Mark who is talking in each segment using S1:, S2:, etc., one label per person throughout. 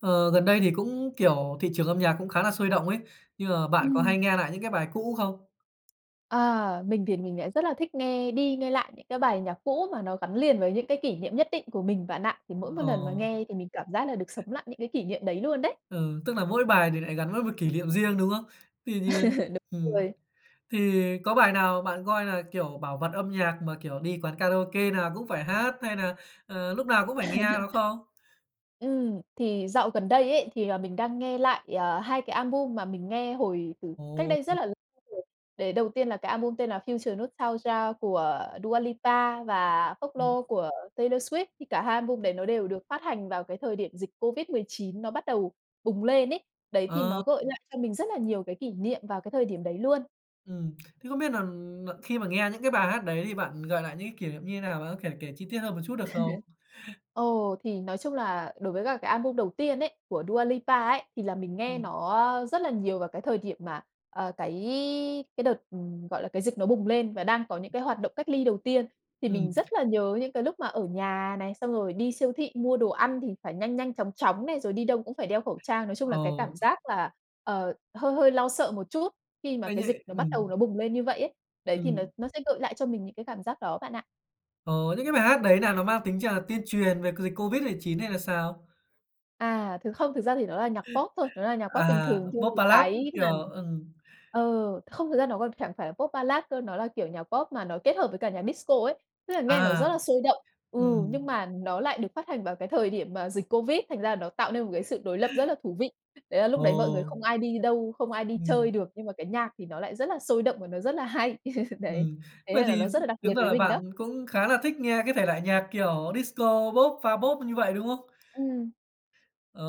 S1: Ờ, gần đây thì cũng, kiểu, thị trường âm nhạc cũng khá là sôi động ấy. Nhưng mà bạn có
S2: Ừm.
S1: hay nghe nại những cái bài cũ không?
S2: Ờ, mình thì mình lại rất là thích nghe đi nghe lại những cái bài nhạc cũ, mà nó gắn liền với những cái kỷ niệm nhất định của mình bạn ạ. Thì mỗi một lần mà
S1: Ờ.
S2: nghe, thì mình cảm giác là được sống lại những cái kỷ niệm đấy luôn đấy.
S1: Ừ, tức là mỗi bài thì lại gắn với một kỷ liệm riêng, đúng không? Tuy nhiên
S2: Đúng
S1: ừm,
S2: rồi.
S1: thì có bài nào bạn coi là, kiểu, bảo vật âm nhạc mà kiểu đi quán karaoke nào cũng phải hát hay nà, ờ, lúc nào cũng phải nghe nó không?
S2: Ừm, thì dạo gần đây ấy, thì, à, mình đang nghe lại, à, 2 cái album mà mình nghe hồi từ cách
S1: Ồ,
S2: đây rất
S1: ừm.
S2: là rồi. Đấy, đầu tiên là cái album tên là Future Nostalgia của Dua Lipa và
S1: Ừm.
S2: Folklore của Taylor Swift. Thì cả 2 album đấy nó đều được phát hành vào cái thời điểm dịch COVID-19 nó bắt đầu bùng lên ấy. Đấy, thì
S1: Ờ.
S2: nó gợi lại cho mình rất là nhiều cái kỷ niệm vào cái thời điểm đấy luôn.
S1: Ừm, thế không biết nà nà khi mà nghe những cái bài hát đấy, thì bạn gợi lại những cái kỷ liệm như thế nào á? Thể kể chi tiết hơn một chút được không?
S2: Ồ, thì nói chung là đối với cả cái album đầu tiên ấy, của Dua Lipa ấy, thì là mình nghe
S1: Ừm.
S2: nó, a, rất là nhiều vào cái thời điểm mà, ờ, cái cái đợt, ừ, gọi là, cái dịch nó bùng lên và đang có những cái hoạt động cách ly đầu tiên. Thì mình
S1: Ừm.
S2: rất là nhớ những cái lúc mà ở nhà này, xong rồi đi siêu thị mua đồ ăn thì phải nhanh nhanh chóng chóng này, rồi đi đâu cũng phải đeo khẩu trang. Nói chung là cái
S1: Ồ.
S2: cảm giác là, ờ, hơi hơi lo sợ một chút, khi mà
S1: Ây
S2: cái dịch
S1: nhễ,
S2: nó bắt
S1: ừm.
S2: đầu nó bùng lên như vậy ấy. Đấy, thì nó
S1: Ừm.
S2: nó sẽ gợi lại cho mình những cái cảm giác đó bạn ạ.
S1: Ờ, những cái bài hát đấy nà nó mang tính ch tuyên truyền về c dịch COVID-19 hay là sao?
S2: À, thực không thực ra thì nó là nhạc Pop thôi, nó là nhạc Pop bình
S1: À,
S2: thường chưa
S1: Pop,
S2: thì
S1: Ballad, ưm,
S2: cái
S1: kiểu,
S2: mà
S1: ừm.
S2: ờ, không thật ra nó còn chẳng phải là Pop Ballad cơ, nó là, kiểu, nhạc Pop mà nó kết hợp với cả nhạc Disco ấy. Tức là nghe nó rất
S1: À,
S2: là sôi động, ừ,
S1: ừm.
S2: nhưng mà nó lại được phát hành vào cái thời điểm mà dịch Covid, thành ra là nó tạo nên một cái sự đối lập rất là thú vị. Đấy là lúc đấy mọi người
S1: Ồ!
S2: không ai đi đâu, không ai đi
S1: Ừm.
S2: chơi được, nhưng mà cái nhạc thì nó lại rất là sôi động và nó rất là hay. Đấy,
S1: Ừm,
S2: thế
S1: vậy
S2: nên là
S1: thì
S2: nó rất là đặc biệt
S1: tính ra
S2: với
S1: là
S2: mình
S1: bạn
S2: đó.
S1: cũng khá là thích nghe cái thể loại nhạc, kiểu, Disco, Pop, pha Pop như vậy, đúng không?
S2: Ừm,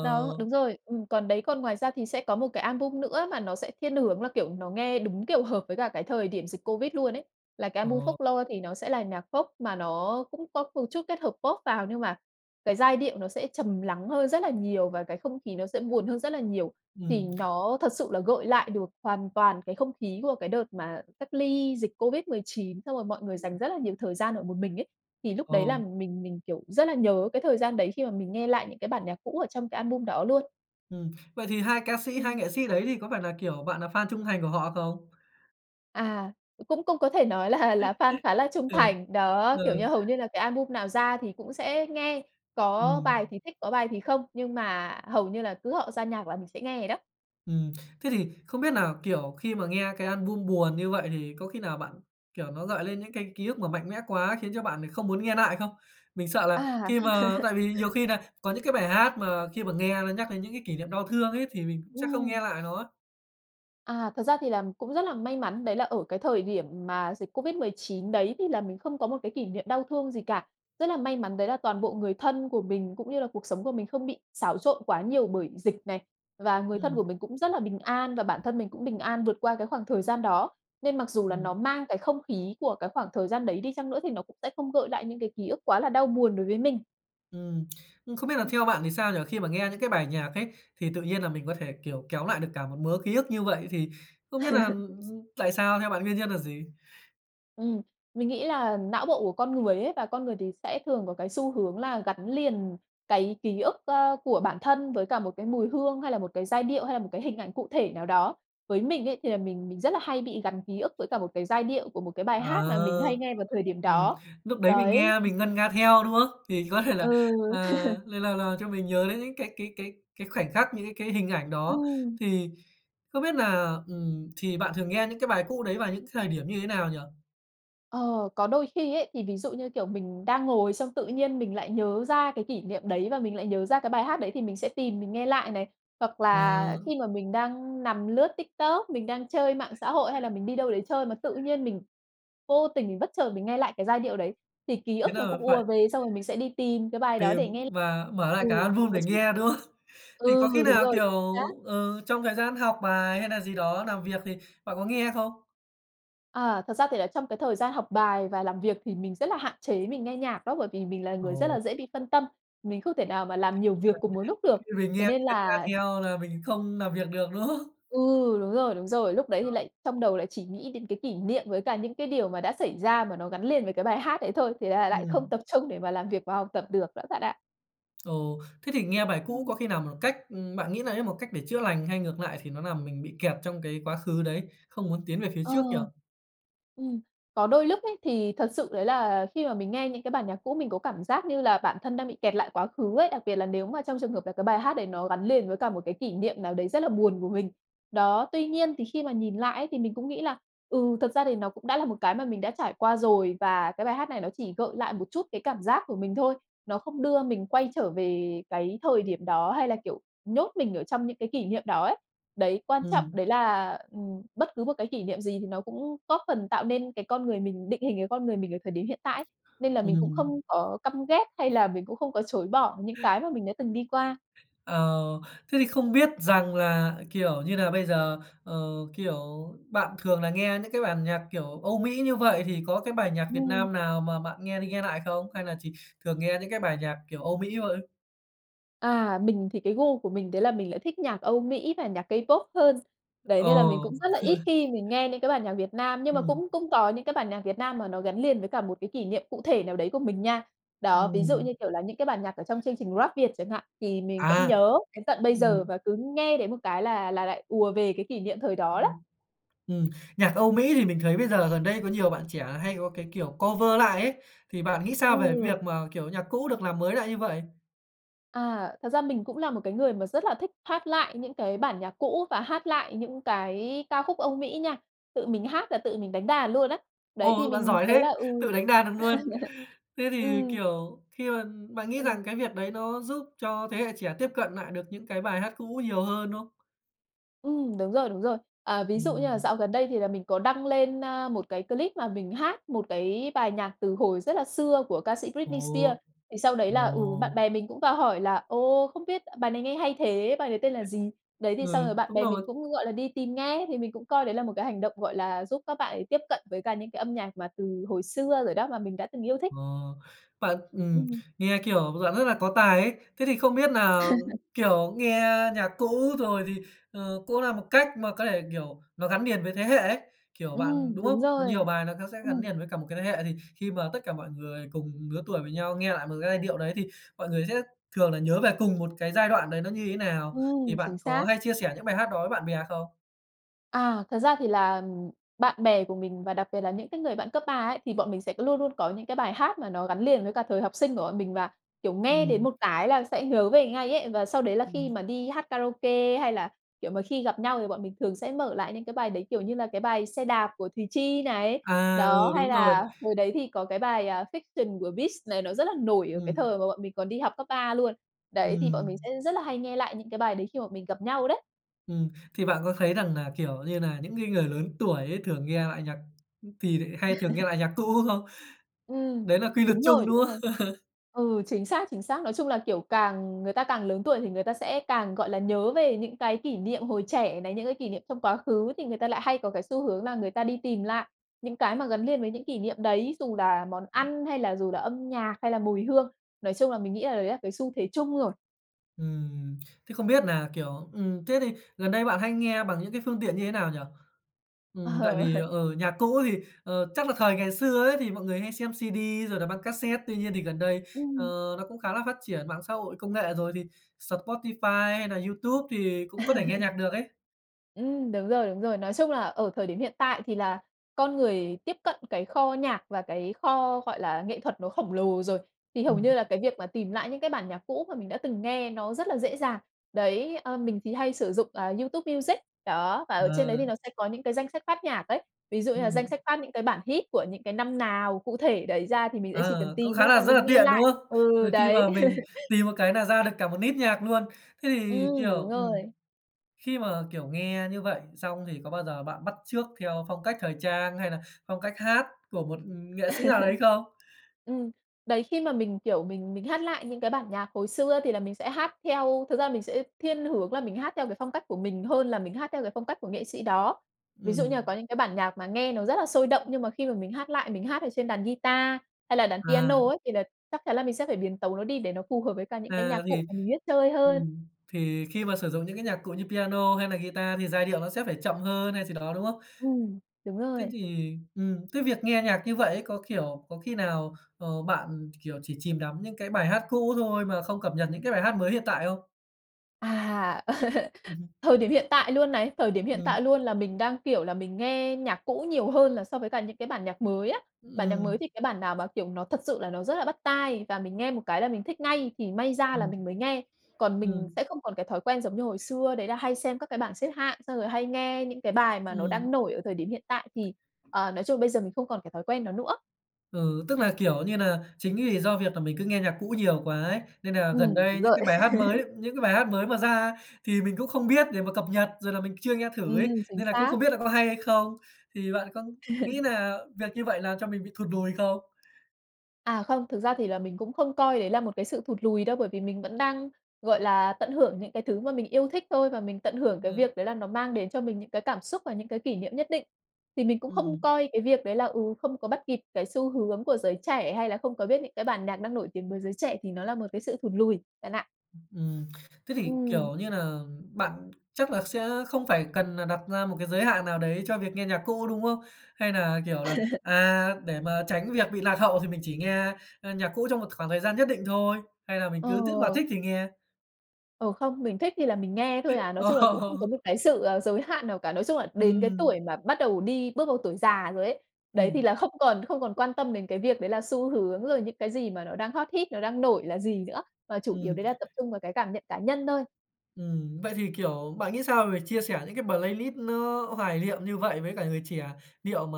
S2: đó, đúng rồi, ừm. Còn đấy, còn ngoài ra thì sẽ có một cái album nữa mà nó sẽ thiên hướng là, kiểu, nó nghe đúng, kiểu, hợp với cả cái thời điểm dịch Covid luôn ấy, là cái album
S1: Ồ.
S2: Folklore. Thì nó sẽ là nhạc Pop mà nó cũng có một chút kết hợp Pop vào nhưng mà cái giai điệu nó sẽ trầm lắng hơn rất là nhiều và cái không khí nó sẽ buồn hơn rất là nhiều. Thì
S1: Ừm.
S2: nó thật sự là gợi lại được hoàn toàn cái không khí của cái đợt mà cách ly dịch COVID-19, xong rồi mọi người
S1: Ừm.
S2: dành rất là nhiều thời gian ở một mình ấy. Thì lúc đấy là
S1: Ờm.
S2: mình mình, kiểu, rất là nhớ cái thời gian đấy khi mà mình nghe lại những cái bản nhạc cũ ở trong cái album đó luôn.
S1: Ừm, vậy thì 2 ca sĩ, 2
S2: Ừm.
S1: nghệ sĩ đấy thì có phải là, kiểu, bạn nà fan trung thành của họ không?
S2: À, cũng cũng có thể nói là là fan khá là trung
S1: Ừ,
S2: thành. Đó,
S1: ờ.
S2: kiểu như, hầu như là cái album nào ra thì cũng sẽ nghe. Có bài
S1: Ừm.
S2: thì thích, có bài thì không, nhưng mà hầu như là cứ họ ra nhạc là mình sẽ nghe vậy đó.
S1: Ừm, thế thì không biết nà, kiểu, khi mà nghe cái album buồn như vậy, thì có khi nào bạn kiểu, nó gợi lên những cái ký ức mà mạnh mẽ quá, khiến cho bạn không muốn nghe nại không? Mình sợ là
S2: À.
S1: khi mà tại vì nhiều khi nà có những cái bài hát, mà khi mà nghe nó nhắc đến những cái kỷ niệm đau thương ấy, thì mình cũng sẽ không
S2: Ừm.
S1: nghe lại nó.
S2: À, thật ra thì là cũng rất là may mắn đấy là ở cái thời điểm mà dịch COVID-19 đấy, thì là mình không có một cái kỷ niệm đau thương gì cả. Rất là may mắn đấy là toàn bộ người thân của mình, cũng như là cuộc sống của mình không bị xáo trộn quá nhiều bởi dịch này, và người thân của
S1: Ừm.
S2: mình cũng rất là bình an, và bản thân mình cũng bình an vượt qua cái khoảng thời gian đó. Nên mặc dù là nó
S1: Ừm.
S2: mang cái không khí của cái khoảng thời gian đấy đi chăng nữa, thì nó cũng sẽ không gợi lại những cái ký ức quá là đau buồn đối với mình.
S1: Ừm, ưm, không biết là theo bạn thì sao nhỉ? Khi mà nghe những cái bài nhạc ấy, thì tự nhiên là mình có thể, kiểu, kéo lại được cả một mớ ký ức như vậy, thì không biết là gi tại sao? Theo bạn nguyên nhân là gì?
S2: Ừm, mình nghĩ là não bộ của con người ấy và con người thì sẽ thường có cái xu hướng là gắn liền cái ký ức, ơ, của bản thân với cả một cái mùi hương hay là một cái giai điệu, hay là một cái hình ảnh cụ thể nào đó. Với mình ấy, thì là mình mình rất là hay bị gắn ký ức với cả một cái giai điệu của một cái bài hát mà mình hay
S1: Ờ,
S2: nghe vào thời điểm
S1: ừm,
S2: đó.
S1: lúc đấy mình
S2: Đấy.
S1: nghe mình ngân nga theo, đúng không? Thì có thể
S2: Ừ.
S1: là, ờ, lại là là cho mình nhớ đến những cái cái cái cái khoảnh khắc, những cái cái hình ảnh đó,
S2: Ừm.
S1: thì không biết là, ừm, thì bạn thường nghe những cái bài cũ đấy vào những thời điểm như thế nào nhỉ?
S2: Ờ, có đôi khi ấy, thì ví dụ như, kiểu, mình đang ngồi xong tự nhiên mình lại nhớ ra cái kỷ niệm đấy và mình lại nhớ ra cái bài hát đấy thì mình sẽ tìm mình nghe lại này. Hoặc là
S1: Ờ.
S2: khi mà mình đang nằm lướt TikTok, mình đang chơi mạng xã hội hay là mình đi đâu đấy chơi mà tự nhiên mình vô tình, bất chợt mình nghe lại cái giai điệu đấy, thì ký
S1: Thế
S2: ức nó
S1: là
S2: cũng ùa
S1: phải
S2: về xong rồi mình sẽ đi tìm cái bài đó
S1: tìm
S2: để nghe.
S1: và mở
S2: Ừ,
S1: lại cả
S2: phải
S1: album
S2: có
S1: để
S2: chứ.
S1: nghe, đúng không? Thì
S2: Ừ,
S1: có khi
S2: đúng
S1: nào,
S2: rồi, chính
S1: kiểu,
S2: xác.
S1: ừ, trong thời gian học bài hay nà gì đó làm việc thì bạn có nghe không?
S2: À, thật ra thì là trong cái thời gian học bài và làm việc thì mình rất là hạn chế mình nghe nhạc đó, bởi vì mình là người rất
S1: Ồ!
S2: là dễ bị phân tâm. Mình không thể nào mà làm nhiều việc
S1: [unintelligible]
S2: cùng một lúc được,
S1: Khi mình nghe
S2: thế nên
S1: mình ngân nga
S2: là
S1: theo là mình không làm việc được, đúng không?
S2: Ừ, đúng rồi, đúng rồi, lúc đấy
S1: Ờ.
S2: thì lại trong đầu lại chỉ nghĩ đến cái kỷ niệm với cả những cái điều mà đã xảy ra mà nó gắn liền với cái bài hát đấy thôi, thế là lại không
S1: Ừm.
S2: tập trung để mà làm việc và học tập được đó bạn ạ.
S1: Ồ, thế thì nghe bài cũ
S2: Ừm.
S1: có khi nào một cách ừm, bạn nghĩ đấy là một cách để chữa lành, hay ngược lại thì nó làm mình bị kẹt trong cái quá khứ đấy, không muốn tiến về phía
S2: Ờ.
S1: trước nhỉ?
S2: Ừm, có đôi lúc ấy, thì thật sự đấy là khi mà mình nghe những cái bản nhạc cũ, mình có cảm giác như là bản thân đang bị kẹt lại quá khứ ấy. Đặc biệt là nếu mà trong trường hợp là cái bài hát đấy nó gắn liền với cả một cái kỷ niệm nào đấy rất là buồn của mình. Đó, tuy nhiên thì khi mà nhìn lại ấy, thì mình cũng nghĩ là "Ừ, thực ra thì nó cũng đã là một cái mà mình đã trải qua rồi và cái bài hát này nó chỉ gợi lại một chút cái cảm giác của mình thôi. Nó không đưa mình quay trở về cái thời điểm đó hay là, kiểu, nhốt mình ở trong những cái kỷ niệm đó ấy." Đấy, quan trọng
S1: Ừm.
S2: đấy là, ừm, bất cứ một cái kỷ niệm gì thì nó cũng góp phần tạo nên cái con người mình, định hình cái con người mình ở thời điểm hiện tại ấy. Nên là mình cũng
S1: Ừm.
S2: không có căm ghét hay là mình cũng không có chối bỏ những cái mà mình đã từng đi qua.
S1: Ờ, thế thì không biết rằng là, kiểu như là, bây giờ, ờ, kiểu, bạn thường là nghe những cái bản nhạc kiểu Âu Mỹ như vậy, thì có cái bài nhạc Việt
S2: Ừm.
S1: Nam nào mà bạn nghe đi nghe lại không? Hay là chỉ thường nghe những cái bài nhạc kiểu Âu Mỹ thôi?
S2: À, mình thì cái gu của mình đấy là mình lại thích nhạc Âu Mỹ và nhạc K-pop hơn. Đấy,
S1: Ồ!
S2: nên là mình cũng rất là ít khi mình nghe những cái bản nhạc Việt Nam, nhưng mà
S1: Ừm.
S2: cũng cũng có những cái bản nhạc Việt Nam mà nó gắn liền với cả một cái kỷ niệm cụ thể nào đấy của mình nha. Đó, ví dụ
S1: Ừm.
S2: như kiểu là những cái bản nhạc ở trong chương trình Rap Việt chẳng hạn, thì mình vẫn
S1: À.
S2: nhớ đến tận bây giờ,
S1: Ừm.
S2: và cứ nghe đến một cái là là lại ùa về cái kỷ niệm thời đó đó.
S1: Ừm. Ừm, nhạc Âu Mỹ thì mình thấy bây giờ gần đây có nhiều bạn trẻ hay có cái kiểu cover lại ấy, thì bạn nghĩ sao về
S2: Ừ.
S1: việc mà, kiểu, nhạc cũ được làm mới lại như vậy?
S2: À, thật ra mình cũng là một cái người mà rất là thích hát lại những cái bản nhạc cũ, và hát lại những cái ca khúc Âu Mỹ nha, tự mình hát là tự mình đánh đàn luôn á. Đấy, thì
S1: Ồ! Bạn
S2: mình
S1: giỏi
S2: thấy
S1: thế!
S2: là ừ.
S1: Tự đánh đàn được luôn. Thế thì,
S2: Ừm.
S1: kiểu, khi mà bạn nghĩ
S2: Ừm.
S1: rằng cái việc đấy nó giúp cho thế hệ trẻ tiếp cận nại được những cái bài hát cũ nhiều hơn, đúng không?
S2: Ừm, đúng rồi, đúng rồi, à, ví dụ như là
S1: Ừm.
S2: dạo gần đây thì là mình có đăng lên, a, một cái clip mà mình hát một cái bài nhạc từ hồi rất là xưa của ca sĩ Britney
S1: Ồ.
S2: Spears. Thì sau đấy là ừ, bạn
S1: Ồ.
S2: bè mình cũng vào hỏi là "Ồ, không biết bài này nghe hay thế, bài đấy tên là gì?" Đấy, thì xong
S1: Ừ,
S2: rồi bạn
S1: đúng
S2: bè mình
S1: rồi.
S2: cũng, gọi là, đi tìm nghe, thì mình cũng coi đấy là một cái hành động, gọi là, giúp các bạn ấy tiếp cận với cả những cái âm nhạc mà từ hồi xưa rồi đó, mà mình đã từng yêu thích.
S1: Ờ, bạn ừm,
S2: Ừm.
S1: nghe kiểu bạn rất là có tài ấy. Thế thì không biết nà, kiểu, nghe nhạc cũ, rồi thì, ờ, cũng là một cách mà có thể, kiểu, nó gắn liền với thế hệ ấy, kiểu, bạn
S2: Ừm,
S1: đúng
S2: đúng
S1: không?
S2: rồi.
S1: Nhiều bài nó có sẽ gắn
S2: Ừm.
S1: liền với cả một cái thế hệ, thì khi mà tất cả mọi người cùng lứa tuổi với nhau nghe lại một cái giai điệu đấy, thì mọi người sẽ thường là nhớ về cùng một cái giai đoạn đấy nó như thế nào. Thì
S2: Ừm,
S1: bạn
S2: chính
S1: có
S2: xác.
S1: hay chia sẻ những bài hát đó với bạn bè không?
S2: À, thật ra thì là, ừm, bạn bè của mình và đặc biệt là những cái người bạn cấp 3 ấy, thì bọn mình sẽ luôn luôn có những cái bài hát mà nó gắn liền với cả thời học sinh của bọn mình, và, kiểu, nghe đến
S1: Ừm.
S2: một cái là sẽ nhớ về ngay ấy. Và sau đấy là khi
S1: Ừm.
S2: mà đi hát karaoke hay là, kiểu, mà khi gặp nhau, thì bọn mình thường sẽ mở lại những cái bài đấy kiểu như là cái bài "Xe đạp" của Thùy Chi này.
S1: À,
S2: Đó,
S1: ừ,
S2: hay
S1: đúng rồi.
S2: là hồi đấy thì có cái bài, à, "Fiction" của Beast này, nó rất là nổi ở cái
S1: Ừm.
S2: thời mà bọn mình còn đi học cấp 3 luôn. Đấy, thì bọn
S1: Ừm.
S2: mình sẽ rất là hay nghe lại những cái bài đấy khi bọn mình gặp nhau đấy.
S1: Ừm, thì bạn có thấy rằng nà, kiểu như nà những cái người lớn tuổi ấy, thường nghe lại nhạc thì lại hay thường nghe lại nhạc cũ không?
S2: Ừm,
S1: Đấy là quy luật
S2: đúng rồi,
S1: chung, đúng
S2: đúng rồi.
S1: không?
S2: Ừ, chính xác, chính xác. Nói chung là, kiểu, càng người ta càng lớn tuổi thì người ta sẽ càng, gọi là, nhớ về những cái kỷ niệm hồi trẻ này, những cái kỷ niệm trong quá khứ, thì người ta lại hay có cái xu hướng là người ta đi tìm lại những cái mà gắn liền với những kỷ niệm đấy, dù là món ăn hay là dù là âm nhạc hay là mùi hương. Nói chung là mình nghĩ là đấy là cái xu thế chung rồi.
S1: Ừm, thế không biết nà, kiểu, ừm, thế thì gần đây bạn hay nghe bằng những cái phương tiện như thế nào nhỉ?
S2: Ờ,
S1: Ừm, tại vì,
S2: ờ.
S1: ờ, nhạc cũ thì, ờ, chắc là thời ngày xưa ấy, thì mọi người hay xem CD rồi là băng cassette. Tuy nhiên thì gần đây, ờ,
S2: Ừm.
S1: nó cũng khá là phát triển mạng xã hội, công nghệ rồi, thì Spotify hay nà YouTube thì cũng có thể nghe nhạc được ấy.
S2: Ừm, đúng rồi, đúng rồi. Nói chung là ở thời điểm hiện tại thì là con người tiếp cận cái kho nhạc và cái kho, gọi là, nghệ thuật nó khổng lồ rồi, thì hầu như
S1: Ừm.
S2: là cái việc mà tìm lại những cái bản nhạc cũ mà mình đã từng nghe nó rất là dễ dàng. Đấy, ờ, mình thì hay sử dụng, ờ, YouTube Music, đó, và ở trên đấy thì
S1: Ờ.
S2: nó sẽ có những cái danh sách phát nhạc ấy. Ví dụ như là
S1: Ừm.
S2: danh sách phát những cái bản hit của những cái năm nào cụ thể đấy ra thì mình sẽ chỉ cần
S1: Ờ, cũng
S2: tìm
S1: khá
S2: thôi và
S1: là rất là
S2: mình nghe
S1: tiện, đúng
S2: lại.
S1: không?
S2: Ừ,
S1: Ờ, khi
S2: đấy.
S1: mà mình tìm một cái nà ra được cả một list nhạc luôn. Thế thì,
S2: Ừm, đúng
S1: kiểu, ừm,
S2: rồi.
S1: khi mà, kiểu, nghe như vậy xong, thì có bao giờ bạn bắt chước theo phong cách thời trang hay nà phong cách hát của một, ừm, nghệ sĩ nào đấy không?
S2: Ừm, đấy, khi mà mình, kiểu, mình mình hát lại những cái bản nhạc hồi xưa thì là mình sẽ hát theo thực ra là mình sẽ thiên hướng là mình hát theo cái phong cách của mình hơn là mình hát theo cái phong cách của nghệ sĩ đó. Ví dụ như
S1: Ừm.
S2: là có những cái bản nhạc mà nghe nó rất là sôi động, nhưng mà khi mà mình hát lại, mình hát ở trên đàn guitar hay là đàn
S1: À.
S2: piano ấy, thì là chắc chắn là mình sẽ phải biến tấu nó đi để nó phù hợp với cả những cái
S1: À,
S2: nhạc cụ
S1: thì
S2: mà mình biết chơi hơn.
S1: ừm, thì khi mà sử dụng những cái nhạc cụ như piano hay là guitar thì giai điệu nó sẽ phải chậm hơn hay gì đó, đúng không?
S2: Ừm, đúng
S1: Thế
S2: rồi.
S1: thì ừm, cái việc nghe nhạc như vậy ấy, có, kiểu, có khi nào, ờ, bạn, kiểu, chỉ chìm đắm những cái bài hát cũ thôi mà không cập nhật những cái bài hát mới hiện tại không?
S2: À,
S1: Ừm.
S2: thời điểm hiện tại luôn này, thời điểm hiện tại
S1: Ừm.
S2: luôn là mình đang, kiểu, là mình nghe nhạc cũ nhiều hơn là so với cả những cái bản nhạc mới á. Bản nhạc mới
S1: Ừm.
S2: thì cái bản nào mà, kiểu, nó thật sự là nó rất là bắt tai và mình nghe một cái là mình thích ngay thì may ra là
S1: Ừm,
S2: mình mới nghe. Còn mình
S1: ừm.
S2: sẽ không còn cái thói quen giống như hồi xưa đấy là hay xem các cái bản xếp hạng, xong rồi hay nghe những cái bài mà nó
S1: Ừm.
S2: đang nổi ở thời điểm hiện tại thì, ờ, nói chung bây giờ mình không còn cái thói quen đó nữa.
S1: Ừ, tức là, kiểu như nà, chính vì do việc là mình cứ nghe nhạc cũ nhiều quá ấy, nên nà gần
S2: Ừm,
S1: đây
S2: đúng
S1: những
S2: rồi.
S1: cái bài hát mới những cái bài hát mới mà ra, thì mình cũng không biết để mà cập nhật, rồi là mình chưa nghe thử ấy,
S2: Ừm, chính
S1: nên là cũng
S2: xác.
S1: không biết là có hay hay không. Thì bạn có nghĩ nà việc như vậy là cho mình bị thụt lùi không?
S2: À, không, thực ra thì là mình cũng không coi đấy là một cái sự thụt lùi đâu, bởi vì mình vẫn đang, gọi là, tận hưởng những cái thứ mà mình yêu thích thôi và mình tận hưởng cái
S1: Ừm.
S2: việc đấy là nó mang đến cho mình những cái cảm xúc và những cái kỷ niệm nhất định. Thì mình cũng không
S1: Ừm.
S2: coi cái việc đấy là, ừ, không có bắt kịp cái xu hướng của giới trẻ, hay là không có biết những cái bản nhạc đang nổi tiếng với giới trẻ thì nó là một cái sự thụt lùi, bạn ạ.
S1: Ừm, thế thì,
S2: Ừm.
S1: kiểu như nà, bạn chắc là sẽ không phải cần nà đặt ra một cái giới hạn nào đấy cho việc nghe nhạc cũ, đúng không? Hay nà, kiểu, là, à, để mà tránh việc bị lạc hậu thì mình chỉ nghe, ơ, nhạc cũ trong một khoảng thời gian nhất định thôi? Hay là mình cứ tức mà
S2: Ờ.
S1: thích thì nghe?
S2: Ồ, không. Mình thích thì là mình nghe thôi à. Nói chung là cũng không có
S1: Ồ.
S2: một cái sự, ờ, giới hạn nào cả. Nói chung là đến cái
S1: Ừm.
S2: tuổi mà bắt đầu đi bước vào tuổi già rồi ấy. Đấy, thì
S1: Ừm.
S2: là không còn không còn quan tâm đến cái việc đấy là xu hướng, rồi những cái gì mà nó đang hot hit, nó đang nổi là gì nữa mà chủ yếu
S1: Ừm.
S2: đấy là tập trung vào cái cảm nhận cá nhân thôi.
S1: Ừm, vậy thì, kiểu, bạn nghĩ sao về chia sẻ những cái playlist nó hoài liệm như vậy với cả người trẻ? Liệu mà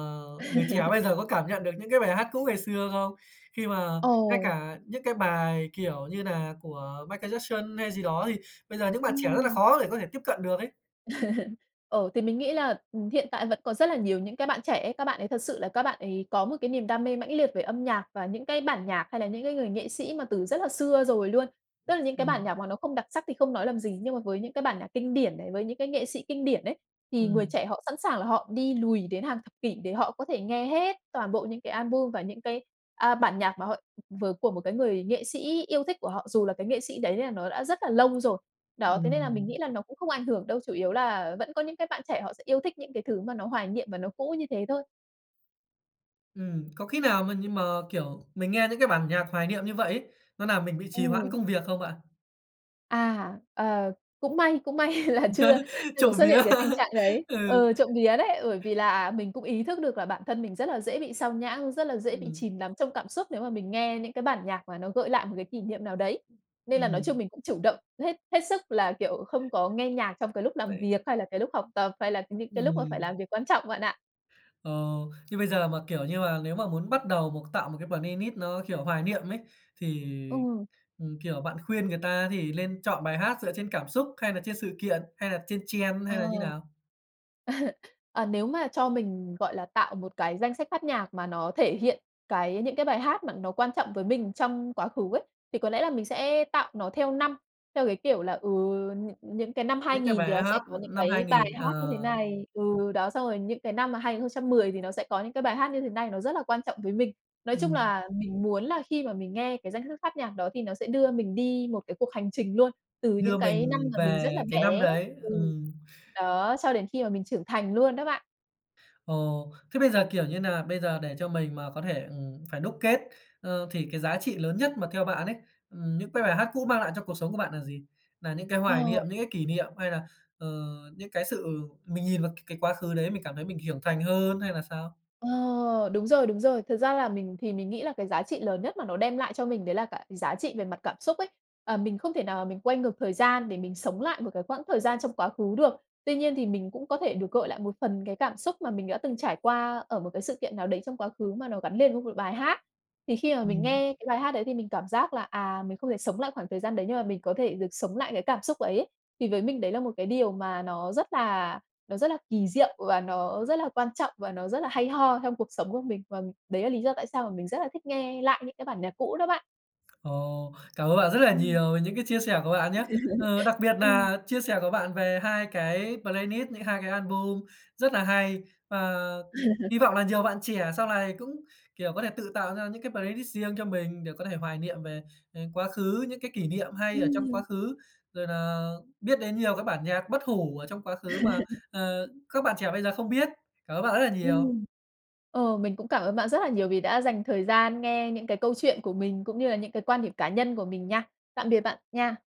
S1: người trẻ bây giờ có cảm nhận được những cái bài hát cũ ngày xưa không? Khi mà ngay
S2: Ồ!
S1: cả những cái bài kiểu như nà của Michael Jackson hay gì đó thì bây giờ những bạn trẻ rất là
S2: Ừm.
S1: khó để có thể tiếp cận được ấy.
S2: Ờ, thì mình nghĩ là, ừm, hiện tại vẫn có rất là nhiều những cái bạn trẻ ấy, các bạn ấy thật sự là các bạn ấy có một cái niềm đam mê mãnh liệt về âm nhạc và những cái bản nhạc hay là những cái người nghệ sĩ mà từ rất là xưa rồi luôn. Tức là những cái bản
S1: Ừm.
S2: nhạc mà nó không đặc sắc thì không nói làm gì, nhưng mà với những cái bản nhạc kinh điển này, với những cái nghệ sĩ kinh điển ấy, thì người
S1: Ừm.
S2: trẻ họ sẵn sàng là họ đi lùi đến hàng thập kỷ để họ có thể nghe hết toàn bộ những cái album và những cái, à, bản nhạc mà họ vớ của một cái người nghệ sĩ yêu thích của họ, dù là cái nghệ sĩ đấy là nó đã rất là lâu rồi. Đó, thế nên là mình nghĩ
S1: Ừm.
S2: là nó cũng không ảnh hưởng đâu. Chủ yếu là vẫn có những cái bạn trẻ họ sẽ yêu thích những cái thứ mà nó hoài niệm và nó cũ như thế thôi.
S1: Ừm, có khi nào mà như mà, kiểu, mình nghe những cái bản nhạc hoài niệm như vậy ấy, nó làm mình bị trì hoãn
S2: Ừm.
S1: công việc không bạn?
S2: À, ờ, cũng may cũng may là chưa chưa có
S1: Trộm
S2: xuất hiện
S1: vía,
S2: cái tình trạng đấy.
S1: ừ.
S2: Ừ, trộm vía đấy, bởi vì là mình cũng ý thức được là bản thân mình rất là dễ bị xao nhãng, rất là dễ bị
S1: Ừm.
S2: chìm đắm trong cảm xúc nếu mà mình nghe những cái bản nhạc mà nó gợi lại một cái kỷ niệm nào đấy. Nên là nói chung
S1: Ừm.
S2: mình cũng chủ động hết hết sức là, kiểu, không có nghe nhạc trong cái lúc làm
S1: Vậy
S2: việc, hay là cái lúc học tập, hay là những cái lúc mà phải
S1: Ừm.
S2: làm việc quan trọng bạn ạ.
S1: Ờ, như bây giờ mà, kiểu, như mà nếu mà muốn bắt đầu một tạo một cái playlist nó, kiểu, hoài niệm ấy, thì,
S2: Ừ.
S1: ừm, kiểu, bạn khuyên người ta thì lên chọn bài hát dựa trên cảm xúc, hay là trên sự kiện, hay là trên
S2: Ờ.
S1: trend hay là như nào?
S2: Ờ, nếu mà cho mình, gọi là, tạo một cái danh sách phát nhạc mà nó thể hiện cái những cái bài hát mà nó quan trọng với mình trong quá khứ ấy, thì có lẽ là mình sẽ tạo nó theo năm, theo cái kiểu là, ừ, nh những cái năm hai
S1: Những cái
S2: nghìn
S1: bài
S2: thì nó sẽ
S1: hát
S2: có những
S1: năm hai
S2: cái bài
S1: nghìn,
S2: hát như
S1: ờ.
S2: thế này ừ, đó, xong rồi những cái năm mà 2010 thì nó sẽ có những cái bài hát như thế này, nó rất là quan trọng với mình. Nói chung
S1: Ừm.
S2: là mình muốn là khi mà mình nghe cái danh sách phát nhạc đó thì nó sẽ đưa mình đi một cái cuộc hành trình luôn, từ những
S1: Đưa
S2: cái năm
S1: mình
S2: mà mình rất là
S1: về cái năm
S2: bé
S1: đấy,
S2: ừ,
S1: ừm.
S2: đó, cho đến khi mà mình trưởng thành luôn đó bạn.
S1: Ồ, thế bây giờ, kiểu như nà, bây giờ để cho mình mà có thể, ừm, phải đúc kết, ờ, thì cái giá trị lớn nhất mà theo bạn ấy, ừm, những cái bài hát cũ mang lại cho cuộc sống của bạn là gì? Nà những cái hoài
S2: Ồ.
S1: niệm, những cái kỷ niệm hay là, ờ, những cái sự mình nhìn vào c cái quá khứ đấy mình cảm thấy mình hiểu thành hơn, hay là sao?
S2: Ờ, đúng rồi, đúng rồi. Thật ra là mình thì mình nghĩ là cái giá trị lớn nhất mà nó đem lại cho mình đấy là cả giá trị về mặt cảm xúc ấy. Ờ, mình không thể nào mình quay ngược thời gian để mình sống lại một cái quãng thời gian trong quá khứ được. Tuy nhiên thì mình cũng có thể được gợi lại một phần cái cảm xúc mà mình đã từng trải qua ở một cái sự kiện nào đấy trong quá khứ mà nó gắn lên với một bài hát. Thì khi mà mình
S1: Ừm.
S2: nghe cái bài hát đấy thì mình cảm giác là, à, mình không thể sống lại khoảng thời gian đấy nhưng mà mình có thể được sống lại cái cảm xúc ấy. Thì với mình đấy là một cái điều mà nó rất là nó rất là kỳ diệu và nó rất là quan trọng, và nó rất là hay ho trong cuộc sống của mình. Và đấy là lý do tại sao mà mình rất là thích nghe lại những cái bản nhạc cũ đó bạn.
S1: Ồ, cảm ơn bạn rất là
S2: Ừm.
S1: nhiều về những cái chia sẻ của bạn nhá. Ờ, đặc biệt
S2: Ừm.
S1: nà chia sẻ của bạn về 2 cái playlist, những 2 cái album rất là hay. Và hy vọng là nhiều bạn trẻ sau này cũng, kiểu, có thể tự tạo ra những cái playlist riêng cho mình để có thể hoài niệm về, ờ, quá khứ, những cái kỷ niệm hay ở trong
S2: Ừm.
S1: quá khứ, rồi nà biết đến nhiều cái bản nhạc bất hủ ở trong quá khứ mà, ờ, các bạn trẻ bây giờ không biết. Cảm ơn bạn rất là nhiều.
S2: Ừm. Ờ, mình cũng cảm ơn bạn rất là nhiều vì đã dành thời gian nghe những cái câu chuyện của mình, cũng như là những cái quan điểm cá nhân của mình nha. Tạm biệt bạn nha.